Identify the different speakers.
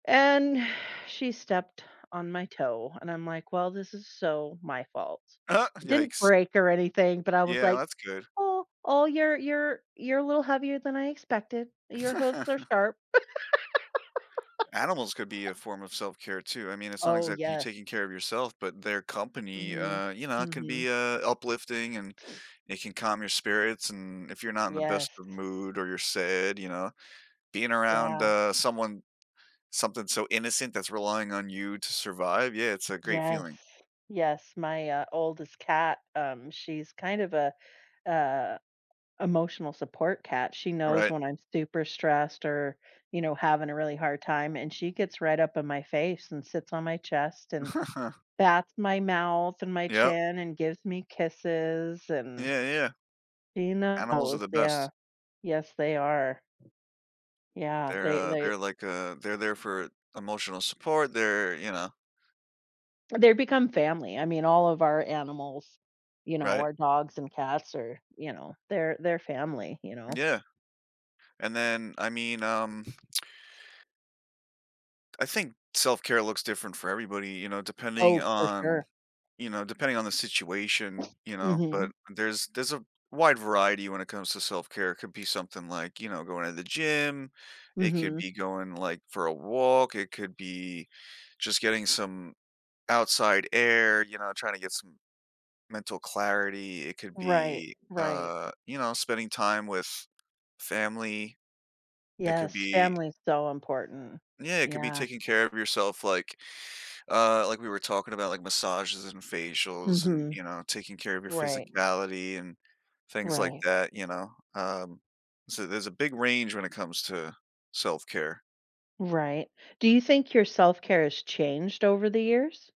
Speaker 1: And she stepped on my toe and I'm like, "Well, this is so my fault." It didn't
Speaker 2: Yikes.
Speaker 1: break or anything, but I was
Speaker 2: Yeah,
Speaker 1: like,
Speaker 2: that's good.
Speaker 1: "Oh, oh, you're you're you're a little heavier than I expected. Your hooves are sharp."
Speaker 2: Animals could be a form of self-care too. I mean, it's not
Speaker 1: Oh,
Speaker 2: exactly you
Speaker 1: yes.
Speaker 2: taking care of yourself, but their company,
Speaker 1: Mhm,
Speaker 2: uh, you know, it can
Speaker 1: mhm.
Speaker 2: be, uh, uplifting and it can calm your spirits, and if you're not in the best
Speaker 1: Yes.
Speaker 2: of mood or you're sad, you know, being around,
Speaker 1: Yeah.
Speaker 2: uh, someone something so innocent that's relying on you to survive, yeah, it's a great
Speaker 1: Yes.
Speaker 2: feeling.
Speaker 1: Yes, my, uh, oldest cat, um, she's kind of a a emotional support cat, she knows
Speaker 2: Alright.
Speaker 1: when I'm super stressed or, you know, having a really hard time, and she gets right up in my face and sits on my chest and bats my mouth and my
Speaker 2: Yep.
Speaker 1: chin and gives me kisses and
Speaker 2: Yeah, yeah.
Speaker 1: she
Speaker 2: Animals are
Speaker 1: knows,
Speaker 2: the best.
Speaker 1: yeah. Yes, they are. Yeah,
Speaker 2: They're,
Speaker 1: they
Speaker 2: uh
Speaker 1: they
Speaker 2: they're like, uh they're there for emotional support, they're you know
Speaker 1: They're become family. I mean, all of our animals, you know,
Speaker 2: Right.
Speaker 1: our dogs and cats are, you know, they're they're family, you know?
Speaker 2: Yeah. And then I mean, um. I think self-care looks different for everybody, you know, depending
Speaker 1: Oh, for
Speaker 2: on
Speaker 1: sure.
Speaker 2: you know, depending on the situation, you know, but
Speaker 1: Mhm.
Speaker 2: there's there's a wide variety when it comes to self-care; it could be something like, you know, going to the gym, it could
Speaker 1: Mhm.
Speaker 2: be going, like, for a walk, it could be just getting some outside air, you know, trying to get some mental clarity, it could
Speaker 1: Right,
Speaker 2: be,
Speaker 1: right.
Speaker 2: uh, you know, spending time with family. It could
Speaker 1: Yes,
Speaker 2: be
Speaker 1: family is so important.
Speaker 2: Yeah, it could be
Speaker 1: Yeah.
Speaker 2: taking care of yourself like, uh, like we were talking about, like, massages and facials and,
Speaker 1: Mhm.
Speaker 2: you know, taking care of your
Speaker 1: Right.
Speaker 2: physicality and things like
Speaker 1: Right.
Speaker 2: that, you know, um, so there's a big range when it comes to self-care.
Speaker 1: Right. Do you think your self-care has changed over the years?